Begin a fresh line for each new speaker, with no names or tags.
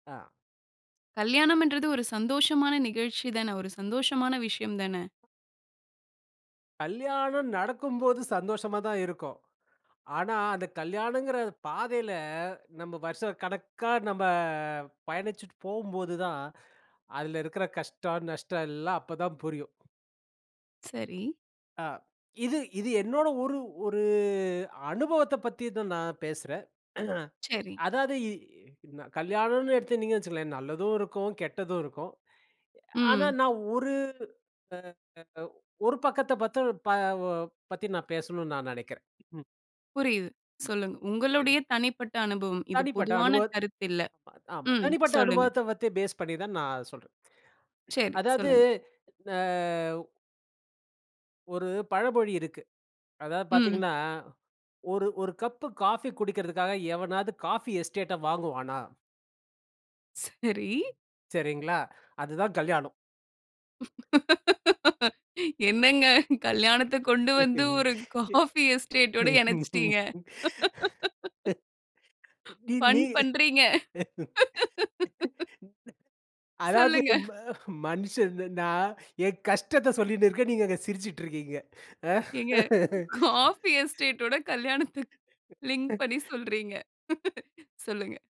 ஆ.
கல்யாணம்ன்றது ஒரு சந்தோஷமான நிகழ்ச்சி தான. ஒரு சந்தோஷமான விஷயம் தான.
கல்யாணம் நடக்கும்போது சந்தோஷமாதான் இருக்கும். ஆனா, அந்த கல்யாணங்கிற பாதையில நம்ம வருஷ கணக்கா நம்ப பயணிச்சிட்டு போம்போதுதான், அதில இருக்கிற கஷ்டம், நஷ்டம் எல்லாம் அப்பதான் புரியும்.
சரி.
அ இது இது என்னோட ஒரு ஒரு அனுபவத்த பத்திதான் நான் பேசுறேன்.
சரி.
அதாது இ ந கல்யாணன்னு எடுத்துனீங்கன்னு வச்சிங்களேன் நல்லதும் இருக்கும், கெட்டதும் இருக்கும். ஆனா
ம்.
நான் ஒரு அ அ ஒரு பக்கத்த பத்த ப பத்தி நான் பேசுனுன்னு நான் நெனைக்கிறேன். ம்.
புரியுது.
ம்,
சொல்லுங்க.
சரி.
உங்களுடைய தனிப்பட்ட அனுபவம். இது
தனிப்பட்ட
பொதுவான
அனுபவ
கருத்து இல்ல.
ஆமா.
ம்
தனிப்பட்ட
சொல்லுங்க.
அனுபவத்த பத்தி பேஸ் பண்ணிதான் நான் சொல்றேன்.
சரி.
அதாது,
சொல்லுங்க.
அ ஒரு பழமொழி இருக்கு. அதாவது
ம்.
பார்த்தீங்கன்னா, "ஒரு ஒரு கப்பு காஃபி குடிக்கிறதுக்காக எவனாவது காஃபி எஸ்டேட்ட வாங்குவானா?"
சரி.
சரிங்களா! அதுதான் கல்யாணம்.
என்னங்க கல்யாணத்த கொண்டுவந்து ஒரு காஃபி எஸ்டேட்டோட இணச்சுட்டீங்க.
நீ நீ
ஃபன் பண்றீங்க.
அதாவது
சொல்லுங்க.
ம மன்ஷன் நான் என் கஷ்டத்த சொல்லின்னு இருக்கேன். நீங்க அங்க சிரிச்சிட்டுருக்கீங்க.
ஏங்க காஃபி எஸ்டேட்டோட கல்யாணத்த லிங்க் பண்ணி சொல்றீங்க சொல்லுங்க.